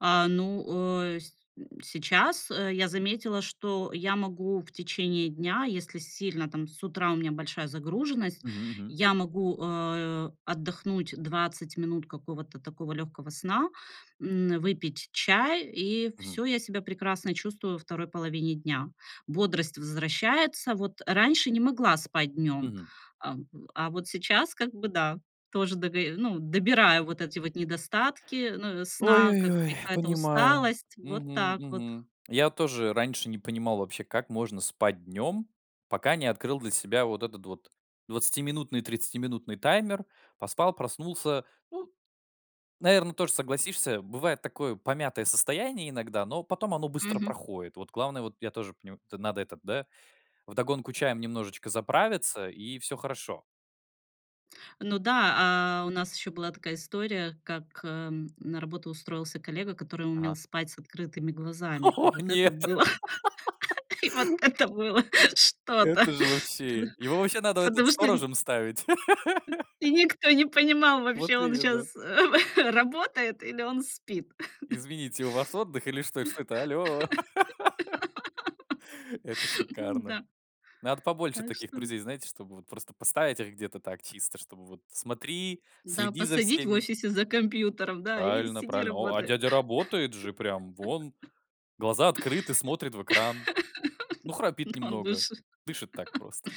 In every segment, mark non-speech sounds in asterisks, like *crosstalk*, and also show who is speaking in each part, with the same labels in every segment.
Speaker 1: А, ну, э, сь м, сейчас, э, я заметила, что я могу в течение дня, если сильно там с утра у меня большая загруженность,
Speaker 2: Мгм мгм.
Speaker 1: я могу, а, отдохнуть 20 минут какого-то такого лёгкого сна, м, выпить чай, и
Speaker 2: Мгм.
Speaker 1: всё, я себя прекрасно чувствую во 2 половине дня. Бодрость возвращается. Вот, а раньше не могла спать днём,
Speaker 2: Мгм.
Speaker 1: ам, в а, вот сейчас, как бы да, тоже дого э, ну, добираю вот эти вот недостатки, ну, у
Speaker 2: Ой
Speaker 1: сна,
Speaker 2: ой
Speaker 1: как
Speaker 2: ой,
Speaker 1: какая-то
Speaker 2: понимаю.
Speaker 1: усталость, вот
Speaker 2: Мгм
Speaker 1: так вот.
Speaker 2: мгм. Я тоже раньше не понимал вообще, как можно спать днем, пока не открыл для себя вот этот вот двадцатиминутный, тридцатиминутный таймер. Поспал, проснулся. Ну, наверное, тоже согласишься. Бывает такое помятое состояние иногда, но потом оно быстро
Speaker 1: Мгм.
Speaker 2: проходит. Вот главное, вот я тоже понима то надо этот, да, вдогонку чаем немножечко заправиться, и всё хорошо.
Speaker 1: Ну да, а, у нас ещё была такая история, как, эм, на работу устроился коллега, который умел
Speaker 2: Ага.
Speaker 1: спать с открытыми глазами. И
Speaker 2: *laughs*
Speaker 1: вот это
Speaker 2: Нет.
Speaker 1: было
Speaker 2: *laughs*
Speaker 1: *laughs* и вот это было что-то.
Speaker 2: Это же
Speaker 1: Ты ных
Speaker 2: вообще! Его ваще надо, этот,
Speaker 1: потому что нь
Speaker 2: сторожем ставить!
Speaker 1: Э, и
Speaker 2: *laughs*
Speaker 1: никто не понимал вообще,
Speaker 2: Вот
Speaker 1: он
Speaker 2: именно!
Speaker 1: щас, э работает или он спит. *chuckles*
Speaker 2: Извините, у вас отдых или что эт что это? Аллё! *laughs* Это
Speaker 1: *laughs*
Speaker 2: шикарно!
Speaker 1: М-да.
Speaker 2: Надо побольше
Speaker 1: Так
Speaker 2: таких
Speaker 1: что нь
Speaker 2: друзей, знаете, чтобы вот просто поставить их где-то так, чисто, чтобы вот: "Смотри,
Speaker 1: М-да,
Speaker 2: следи за
Speaker 1: посадить в
Speaker 2: всеми".
Speaker 1: офисе за компьютеров, да, и
Speaker 2: Правильно
Speaker 1: сиди,
Speaker 2: правильно. О, а
Speaker 1: работай.
Speaker 2: дядя работает же прям вон
Speaker 1: *laughs*
Speaker 2: глаза открыты, смотрит в экран. Ну,
Speaker 1: *chuckles* Ну,
Speaker 2: храпит
Speaker 1: он
Speaker 2: немного,
Speaker 1: лучше *chuckles*
Speaker 2: дышит так просто.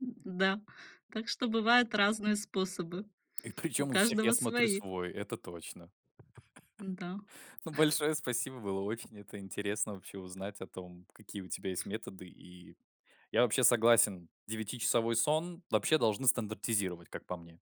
Speaker 1: н-да. Да, так что бывают разные способы,
Speaker 2: И
Speaker 1: у
Speaker 2: причем у всех, я
Speaker 1: каждого
Speaker 2: смотрю,
Speaker 1: свои.
Speaker 2: свой, это точно.
Speaker 1: Н-да.
Speaker 2: *chuckles* Ну, большое спасибо, было очень это интересно вообще узнать о том, какие у тебя есть методы, и я вообще согласен: девятичасовой сон вообще должны стандартизировать, как по мне.